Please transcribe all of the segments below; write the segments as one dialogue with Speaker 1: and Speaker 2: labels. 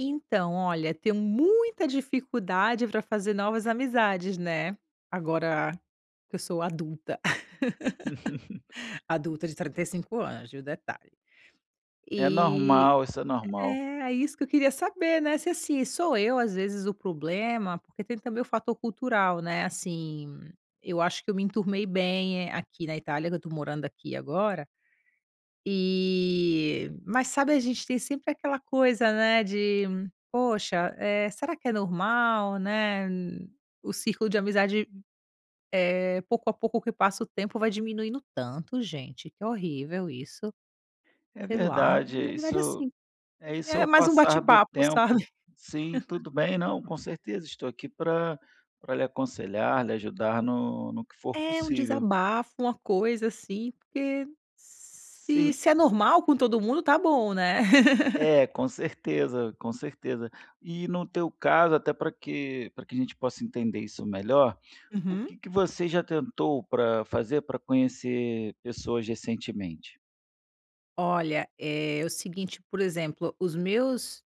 Speaker 1: Então olha tenho muita dificuldade pra fazer novas amizades, né. Agora que eu sou adulta, adulta de 35 anos, viu, detalhe.
Speaker 2: É
Speaker 1: E
Speaker 2: normal, isso é normal.
Speaker 1: é é isso que eu queria saber, né, se assim sou eu às vezes o problema, porque tem também o fator cultural, né, assim, eu acho que eu me enturmei bem aqui na Itália que eu estou morando aqui agora. E mas sabe a gente tem sempre aquela coisa, né, de poxa, eh, será que é normal, né, o círculo de amizade, eh, pouco a pouco que passa o tempo vai diminuindo tanto gente que horrível isso.
Speaker 2: É
Speaker 1: Sei lá,
Speaker 2: verdade,
Speaker 1: na verdade,
Speaker 2: isso
Speaker 1: assim,
Speaker 2: isso é
Speaker 1: é
Speaker 2: o
Speaker 1: mais um
Speaker 2: passar
Speaker 1: bate
Speaker 2: do
Speaker 1: papo, sabe?
Speaker 2: tempo. Sim, tudo bem, não, com certeza. Estou aqui pra pra lhe aconselhar, lhe ajudar no no que for
Speaker 1: É um
Speaker 2: possível.
Speaker 1: desabafo, uma coisa assim, porque se
Speaker 2: Sim.
Speaker 1: se é normal com todo mundo tá bom, né?
Speaker 2: É, com certeza, com certeza. E no teu caso até pra que pra que a gente possa entender isso melhor, o
Speaker 1: Uhum.
Speaker 2: que que você já tentou pra fazer, pra conhecer pessoas recentemente?
Speaker 1: Olha, eh, o seguinte, por exemplo, os meus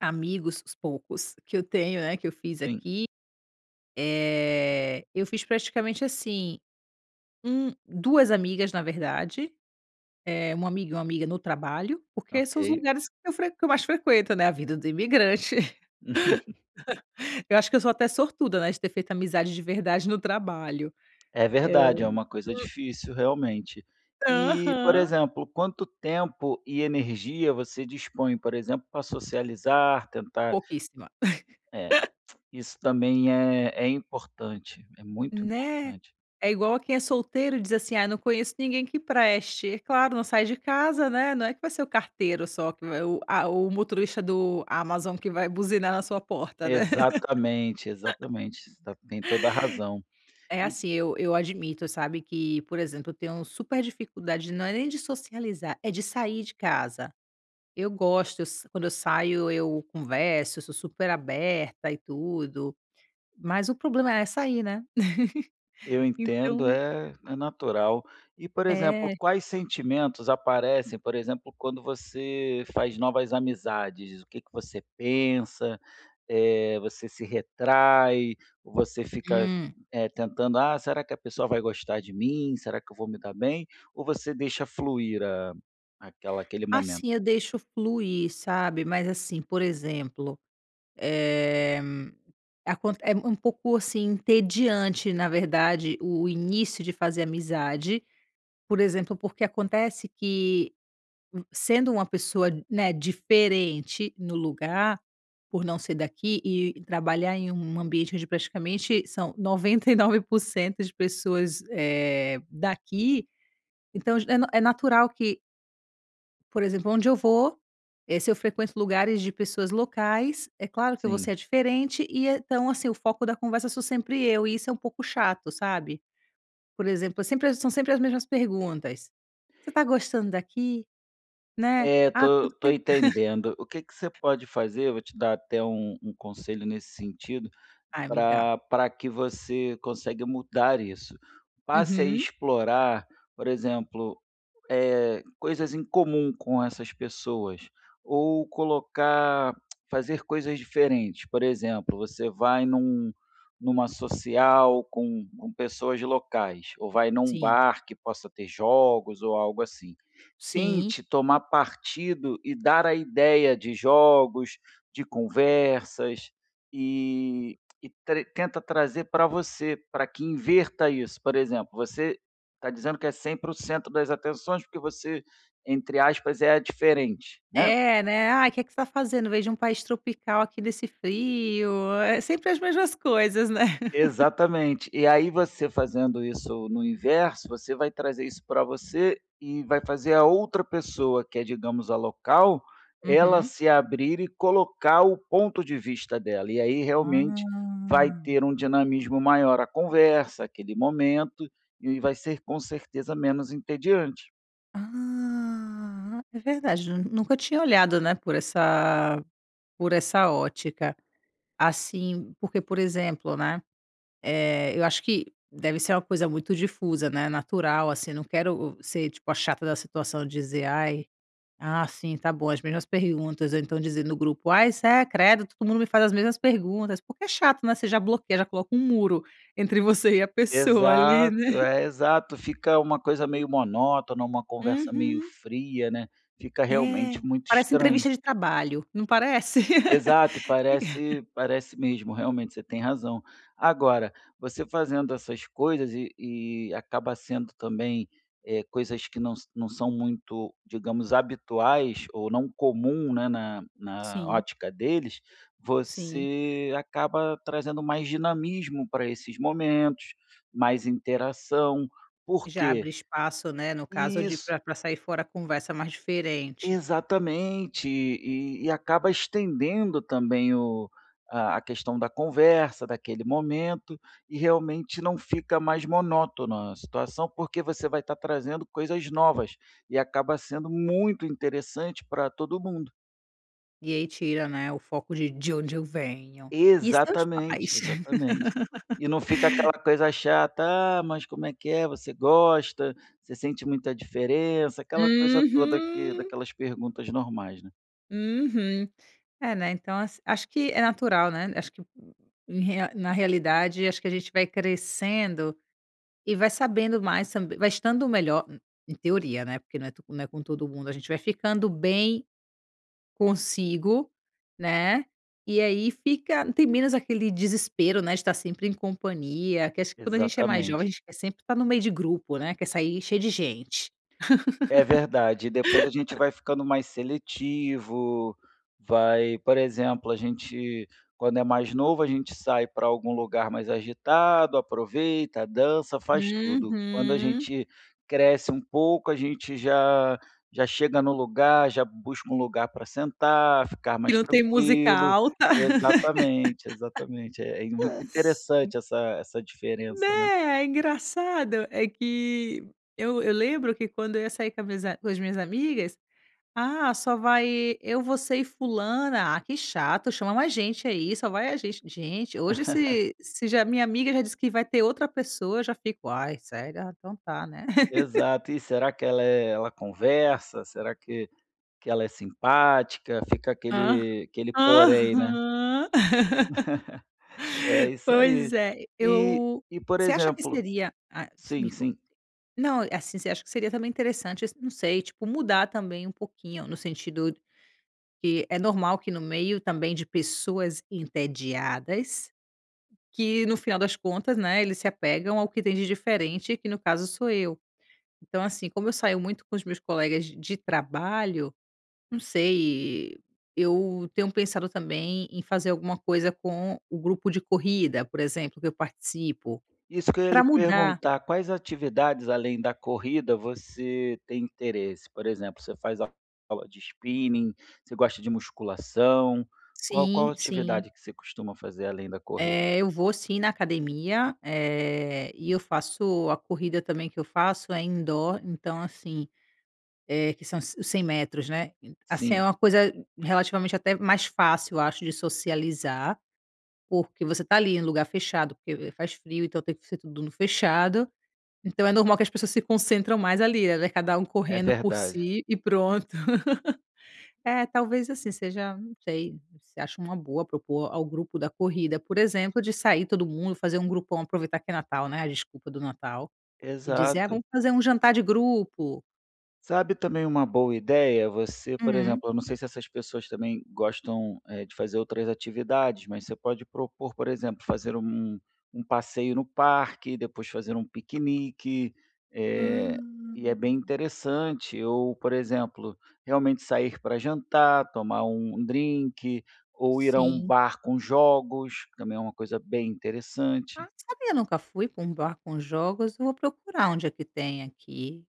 Speaker 1: amigos, os poucos, que eu tenho, né, que eu fiz
Speaker 2: Sim.
Speaker 1: aqui, eh, eu fiz praticamente assim, um 2 amigas na verdade, eh, 1 amigo e 1 amiga no trabalho. Porque são os
Speaker 2: Ok.
Speaker 1: lugares que fre que eu mais frequento, né, é a vida do imigrante. Eu acho que eu sou até sortuda, né, de ter feito amizade de verdade no trabalho.
Speaker 2: É
Speaker 1: É.
Speaker 2: verdade, é uma coisa difícil, realmente. E, por
Speaker 1: Aham.
Speaker 2: exemplo, quanto tempo e energia você dispõe, por exemplo, para socializar, tentar
Speaker 1: Pouquíssima.
Speaker 2: Eh, isso também é é importante, é muito
Speaker 1: Né?
Speaker 2: importante.
Speaker 1: É igual a quem é solteiro diz assim: "Ai, eu não conheço ninguém que preste". É claro, não sai de casa, né. Não é que vai ser o carteiro só, que o a o motorista do Amazon que vai buzinar na sua porta, né?
Speaker 2: Exatamente, exatamente. Você tem toda a razão.E
Speaker 1: É assim, eu eu admito, sabe, que por exemplo, eu tenho super dificuldade de não é nem de socializar, é de sair de casa. Eu gosto, s quando eu saio, eu converso, eu sou super aberta e tudo. Mas o problema é sair, né?
Speaker 2: Eu entendo,
Speaker 1: Então
Speaker 2: é é natural. E, por exemplo,
Speaker 1: É.
Speaker 2: quais sentimentos aparecem, por exemplo, quando você faz novas amizades, o que que você pensa, eh, você se retrai, você fica,
Speaker 1: Hum.
Speaker 2: eh, tentando: "Ah, será que a pessoa vai gostar de mim? Será que eu vou me dar bem?" Ou você deixa fluir aquela aquele momento?
Speaker 1: Assim, eu deixo fluir, sabe. Mas assim, por exemplo, eh, aconte é um pouco, assim, entediante, na verdade, o início de fazer amizade. Por exemplo, porque acontece que v sendo uma pessoa, né, diferente no lugar, por não ser daqui e e trabalhar em um ambiente onde praticamente são 99% das pessoas, eh, daqui, então já é é natural que Por exemplo, onde eu vou, eh, se eu frequento lugares de pessoas locais, é claro que eu vou ser
Speaker 2: Sim.
Speaker 1: a diferente e então, assim, o foco da conversa sou sempre eu, e isso é pouco chato, sabe? Por exemplo, eu sempre são sempre as mesmas perguntas: "Você está gostando daqui?" Né,
Speaker 2: É,
Speaker 1: "Ah
Speaker 2: tô
Speaker 1: quanto
Speaker 2: tô
Speaker 1: tempo"
Speaker 2: entendendo. O que que você pode fazer, vou te dar até um um conselho nesse sentido,
Speaker 1: Ai, me dá.
Speaker 2: pra pra que você consegue mudar isso. Passe a
Speaker 1: Uhum.
Speaker 2: explorar, por exemplo, eh, coisas em comum com essas pessoas ou colocar fazer coisas diferentes. Por exemplo, você vai num numa social com com pessoas locais, ou vai num
Speaker 1: Sim.
Speaker 2: bar que possa ter jogos, ou algo assim.
Speaker 1: Sim.
Speaker 2: Tente tomar partido e dar a ideia de jogos, de conversas e e tre tenta trazer pra você, pra que inverta isso. Por exemplo, você tá dizendo que é sempre o centro das atenções porque você, entre aspas, é a diferente, né?
Speaker 1: É, né: "Ai, que que você está fazendo veio de um país tropical aqui nesse frio?" É sempre as mesmas coisas, né.
Speaker 2: Exatamente. E aí, você fazendo isso no inverso, você vai trazer isso pra você e vai fazer a outra pessoa, que é, digamos, a local, ela
Speaker 1: Uhum.
Speaker 2: se abrir e colocar o ponto de vista dela. E aí, realmente vai
Speaker 1: Hum.
Speaker 2: ter um dinamismo maior a conversa, aquele momento, e vai ser com certeza menos entediante.
Speaker 1: Hum. É verdade, nu nunca tinha olhado, né, por essa por essa ótica. Assim, porque, por exemplo, né, eh, eu acho que deve ser uma coisa muito difusa, né, natural, assim. Não quero o ser, tipo, a chata da situação, dizer: "Ai, ah, sim, tá bom, as mesmas perguntas". Ou então dizer no grupo: "Ai, sé credo todo mundo me faz as mesmas perguntas". Porque é chato, né, você já bloqueia, coloca um muro entre você e a pessoa ali, né.
Speaker 2: Exato, é, exato. Fica uma coisa meio monótona, uma conversa meio
Speaker 1: Uhum.
Speaker 2: fria, né, fica
Speaker 1: É.
Speaker 2: realmente muito
Speaker 1: Parece
Speaker 2: estranho.
Speaker 1: entrevista de trabalho, não parece?
Speaker 2: Exato. E parece parece mesmo, realmente, você tem razão. Agora, você, fazendo essas coisas e e acaba sendo também, eh, coisas que não sã não são muito, digamos, habituais ou não comum, né, na na
Speaker 1: Sim.
Speaker 2: ótica deles,
Speaker 1: Sim.
Speaker 2: você acaba trazendo mais dinamismo pra esses momentos, mais interação. Por
Speaker 1: Já
Speaker 2: quê
Speaker 1: abre espaço, né, no caso, de ir
Speaker 2: Isso.
Speaker 1: pra pra sair fora a conversa mais diferente.
Speaker 2: Exatamente, e e acaba estendendo também o a questão da conversa, daquele momento, e realmente não fica mais monótona a situação, porque você vai estar trazendo coisas novas e acaba sendo muito interessante pra todo mundo.
Speaker 1: E aí, tira, né, o foco de de onde eu venho. "E seus
Speaker 2: Exatamente,
Speaker 1: pais?"
Speaker 2: exatamente. E não fica aquela coisa chata: "Ah, mas como é que é? Você gosta? Você sente muita diferença?" Aquela coisa toda aqui
Speaker 1: Uhum.
Speaker 2: daquelas perguntas normais, né.
Speaker 1: Uhum. É, né. Então as acho que é natural, né, acho que em rea na realidade, acho que a gente vai crescendo e vai sabendo mais tamb vai estando melhor e em teoria, né, porque não é to não é com todo mundo. A gente vai ficando bem, consigo, né, e aí fica tem menos aquele desespero, né, de estar sempre em companhia. Que acho que, quando a gente é mais jovem,
Speaker 2: Exatamente.
Speaker 1: a gente quer sempre estar no meio de grupo, né, quer sair cheio de gente.
Speaker 2: É verdade. E depois a gente vai ficando mais seletivo, vai por exemplo, a gente quando é mais novo a gente sai pra algum lugar mais agitado, aproveita, dança, faz tudo. Quando a
Speaker 1: Uhum.
Speaker 2: gente cresce um pouco, a gente já já chega no lugar, já busca um lugar pra sentar, ficar
Speaker 1: Que
Speaker 2: mais
Speaker 1: não tem música
Speaker 2: tranquilo.
Speaker 1: alta.
Speaker 2: Exatamente, exatamente. É muito
Speaker 1: N
Speaker 2: interessante essa essa diferença, né.
Speaker 1: Né? É engraçado. É que eu eu lembro que quando eu ia sair com as minhas a com as minhas amigas: "Ah, só vai eu, você e fulana? Ah, que chato, chama mais gente aí, só vai a gente". Gente, hoje se se já minha amiga já disse que vai ter outra pessoa, eu já fico: "Ai, sério? Ah, então tá, né?"
Speaker 2: Exato. "E será que ela é ela conversa? Será que que ela é simpática?" Fica
Speaker 1: Ah
Speaker 2: aquele aquele porém, né.
Speaker 1: Aham.
Speaker 2: É isso
Speaker 1: Pois
Speaker 2: aí.
Speaker 1: é.
Speaker 2: E
Speaker 1: Eu
Speaker 2: e por
Speaker 1: você acha que
Speaker 2: exemplo
Speaker 1: seria ah s
Speaker 2: Sim,
Speaker 1: me conta.
Speaker 2: sim.
Speaker 1: Não, assim, você acha que seria também interessante esse não sei, tipo, mudar também um pouquinho, no sentido que, é normal que no meio também de pessoas entediadas, que no final das contas, né, eles se apegam ao que tem de diferente, que no caso sou eu. Então, assim, como eu saio muito com os meus colegas de de trabalho não sei, eu tenho pensado também em fazer alguma coisa com o grupo de corrida, por exemplo, que eu participo.
Speaker 2: Isso que eu ia
Speaker 1: Pra
Speaker 2: lhe
Speaker 1: mudar.
Speaker 2: perguntar: quais atividades, além da corrida, você tem interesse? Por exemplo, você faz a aula de spinning? Você gosta de musculação? Qua qual
Speaker 1: Sim, sim.
Speaker 2: atividade que você costuma fazer além da corrida?
Speaker 1: Eh, eu vou sim na academia, eh, e eu faço a corrida também que eu faço é indoor, então assim eh, que são os 100 metros, né? E assim,
Speaker 2: Sim.
Speaker 1: é uma coisa relativamente até mais fácil, acho, de socializar, porque você tá ali em lugar fechado, porque faz frio, então tem que ser tudo no fechado. Então é normal que as pessoas se concentram mais ali, né, cada
Speaker 2: É
Speaker 1: correndo por
Speaker 2: verdade.
Speaker 1: si e pronto. É, talvez, assim, seja não sei, se acha uma boa propor ao grupo da corrida, por exemplo, de sair todo mundo, fazer grupão, aproveitar que é Natal, né, a desculpa do Natal e dizer: "Ah,
Speaker 2: Exato.
Speaker 1: vamos fazer jantar de grupo"?
Speaker 2: Sabe também uma boa ideia? Você, por
Speaker 1: Hum.
Speaker 2: exemplo, eu não sei se essas pessoas também gostam, eh, de fazer outras atividades, mas você pode propor, por exemplo, fazer um um passeio no parque, depois fazer um piquenique. Eh, e é bem
Speaker 1: Hum.
Speaker 2: interessante. Ou, por exemplo, realmente sair pra jantar, tomar um um drink, ou ir à um
Speaker 1: Sim.
Speaker 2: bar com jogos, que também é uma coisa bem
Speaker 1: Ah,
Speaker 2: interessante.
Speaker 1: não sabia, nunca fui pra um bar com jogos. Vou procurar onde é que tem aqui.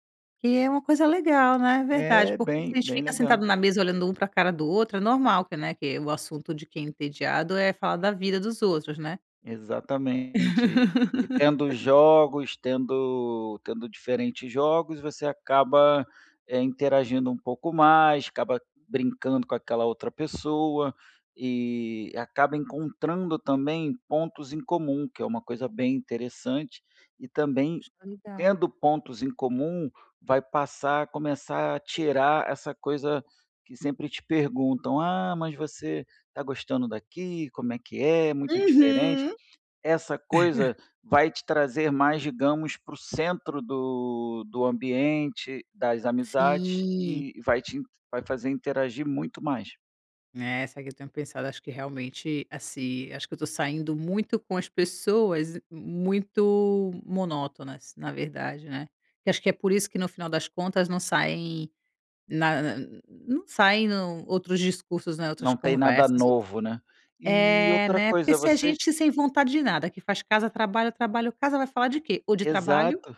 Speaker 1: Que é uma coisa legal, né. Verdade,
Speaker 2: É,
Speaker 1: porque se a
Speaker 2: bem
Speaker 1: gente
Speaker 2: bem
Speaker 1: fica sentado
Speaker 2: legal.
Speaker 1: na mesa olhando um pra cara do outro, é normal que, né, que o assunto de quem é entediado, é falar da vida dos outros, né.
Speaker 2: Exatamente. E tendo jogos, tendo tendo diferentes jogos, você acaba, eh, interagindo um pouco mais, acaba brincando com aquela outra pessoa, e acaba encontrando, também, pontos em comum, que é uma coisa bem interessante. E também,
Speaker 1: Acho legal.
Speaker 2: tendo pontos em comum, vai passar a começar a tirar essa coisa que sempre te perguntam: "Ah, mas você tá gostando daqui? Como é que é, muito diferente?".
Speaker 1: Uhum.
Speaker 2: Essa coisa vai te trazer mais, digamos, para o centro do do ambiente, das amizades,
Speaker 1: Sim.
Speaker 2: e e vai te in vai fazer interagir muito mais.
Speaker 1: Né, só que eu tenho pensado, acho que realmente, assim, acho que eu tô saindo muito com as pessoas m muito monótonas, na verdade, né. Que acho que é por isso que no final das contas não saem na na não saem no outros discursos, né, outras
Speaker 2: Não tem nada
Speaker 1: conversas, outras
Speaker 2: novo, né. E
Speaker 1: É,
Speaker 2: outra
Speaker 1: né. Porque
Speaker 2: coisa,
Speaker 1: se é
Speaker 2: você j
Speaker 1: gente sem vontade de nada, que faz casa-trabalho, trabalho-casa, vai falar de quê? Ou de trabalho,
Speaker 2: Exato,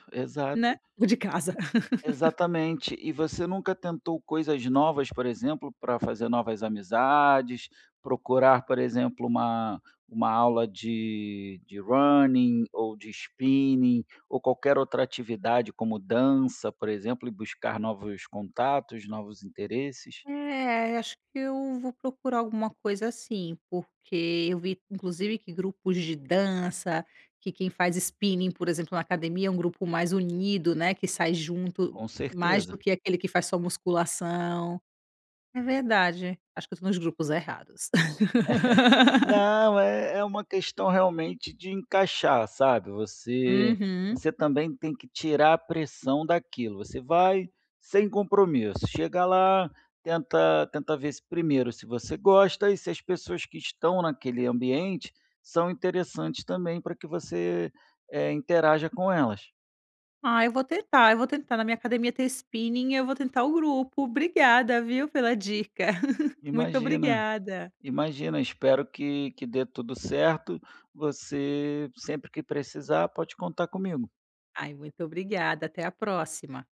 Speaker 1: né,
Speaker 2: exato.
Speaker 1: ou de casa.
Speaker 2: Exatamente. E você nunca tentou coisas novas, por exemplo, pra fazer novas amizades? Procurar, por exemplo, uma uma aula de de Running, ou de Spinning, ou qualquer outra atividade como dança, por exemplo, e buscar novos contatos, novos interesses?
Speaker 1: É, acho que eu vou procurar alguma coisa assim, porque eu vi, inclusive, que grupos de dança, que quem faz Spinning, por exemplo, na academia, é um grupo mais unido, né, que sai junto,
Speaker 2: Com
Speaker 1: mais do
Speaker 2: certeza.
Speaker 1: que aquele que faz só musculação. É verdade, acho que tô nos grupos errados.
Speaker 2: Não, é é uma questão realmente de encaixar, sabe. Você
Speaker 1: Uhum.
Speaker 2: você também tem que tirar a pressão daquilo, você vai sem compromisso. Chega lá, tenta tenta ver se, primeiro, se você gosta, e se as pessoas que estão naquele ambiente são interessantes, também, para que você, eh, interaja com elas.
Speaker 1: Ah, eu vou tentar, eu vou tentar. Na minha academia tem Spinning, eu vou tentar o grupo. Obrigada viu, pela dica. Muito
Speaker 2: Imagina.
Speaker 1: obrigada.
Speaker 2: Imagina, espero que que dê tudo certo. Você, sempre que precisar, pode contar comigo.
Speaker 1: Ai, muito obrigada. Até a próxima.